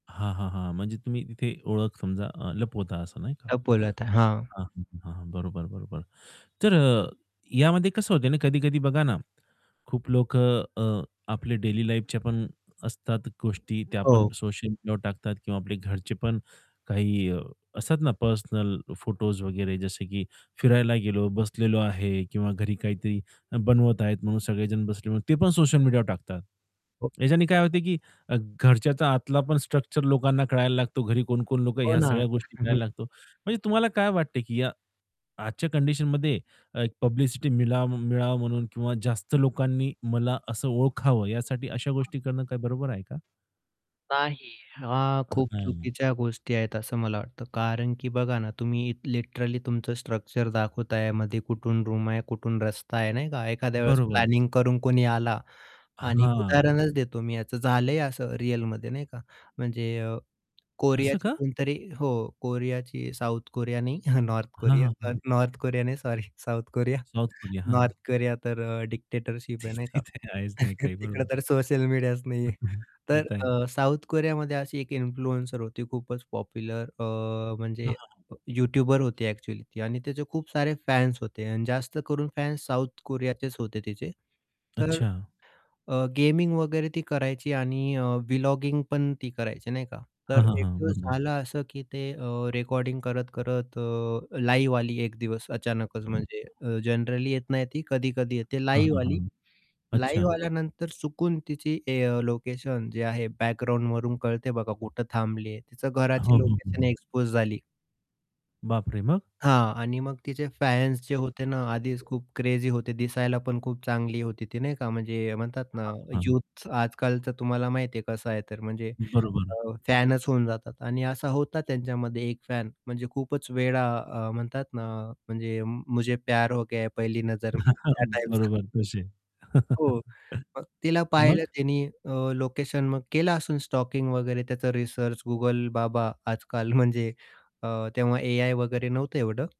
हां, हां, हां. म्हणजे तुम्ही तिथे ओळख समजा लपवता असं नाही का? लपवलं होतं. हां. हां. हं. हां. बरोबर, बरोबर. तर यामध्ये कसं होतंय आणि कधी-कधी बघा ना खूप लोक अ, आपल्या डेली लाईफच्या पण असतात गोष्टी त्या पण हो. सोशल मीडियावर टाकतात किंवा आपले घरचे पण काही असतात ना पर्सनल फोटोस वगैरे जसे की फिरायला गेलो बसलेलो आहे किंवा घरी काहीतरी बनवत आहेत म्हणून सगळेजण बसले ते पण सोशल मीडिया वर टाकतात. हो. याच्याने काय होत की घरच्याचा आतला पण स्ट्रक्चर लोकांना कळायला लागतो, घरी कोण-कोण लोकं हो ह्या ना. सगळ्या गोष्टी मिळायला लागतो. म्हणजे तुम्हाला काय वाटते की या आजच्या कंडिशनमध्ये पब्लिसिटी मिलाव मिळावा म्हणून किंवा जास्त लोकांनी मला असं ओळखावं यासाठी अशा गोष्टी करणं बरोबर आहे का? नाही. हां. अ, खूप हं. चुकीच्या गोष्टी आहेत असं मला वाटतं कारण की बघा ना तुम्ही लिटरली तुमचं स्ट्रक्चर दाखवताय, मध्ये कुठून रूम आहे कुठून रस्ता आहे नाही का एखाद्या वेळेस बरोबर. प्लॅनिंग करून कोणी आला आणि हां. उदाहरणच देतो मी याचं झालंय असं रिअलमध्ये नाही का म्हणजे असं कोरियाची का? कोणतरी हो. कोरियाची साउथ कोरिया नाही नॉर्थ हां, हां, कोरिया. हां. नॉर्थ कोरिया नाही sorry South Korea South Korea. हां. नॉर्थ कोरिया तर डिक्टेटरशिप आहे नाही का. तिथे आहेच नाही काही. तिकडं बरोबर. तर सोशल मीडियाच नाहीये. तर इथं आहे. अ, साऊथ कोरियामध्ये अशी एक इन्फ्लुएन्सर होती खूपच पॉप्युलर अ, हं, म्हणजे हं. युटूबर होती ॲक्चुअली ती आणि त्याचे खूप सारे फॅन्स होते आणि जास्त करून फॅन्स साऊथ कोरियाचेच होते तीचे, तर अच्छा! गेमिंग वगैरे ती करायची आणि व्लॉगिंग पण ती करायची नाही का हां, तर हां, एक हां. दिवस बरोबर. झालं असं की ते अ, रेकॉर्डिंग करत-करत लाईव्ह आली एक दिवस अचानकच म्हणजे अ, जनरली येत नाही ती कधी-कधी येते हां, लाईव्ह हां, आली हां. लाईव्ह अच्छा! आल्यानंतर चुकून तिची ए लोकेशन जे आहे बॅकग्राऊंडवरून कळते बघा कुठे थांबली आहे. तिचं हो, घराची हो, हो, लोकेशन हो. एक्सपोज झाली. बाप रे! मग? हां. आणि मग तिचे फॅन्स जे होते ना आधीच खूप क्रेझी होते दिसायला पण खूप चांगली होती ती नाही का म्हणजे म्हणतात ना [unintelligible] हां. हं. युथ आजकाल तर तुम्हाला माहिती आहे कसं आहे तर म्हणजे बरोबर. अ, फॅनच होऊन जातात आणि असा होता त्यांच्यामध्ये एक फॅन म्हणजे खूपच वेडा अ, म्हणतात ना म्हणजे मुझे प्यार हो गया पहली नजरमे हां. त्या टाइपचा. बरोबर तसे. हो. मग तिला तर पाहिलं मग? त्यांनी अ, लोकेशन केलं असेन स्टॉकिंग वगैरे. त्याचा रिसर्च Google बाबा आजकाल म्हणजे अ, तेव्हा एआय वगैरे नव्हतं एवढं.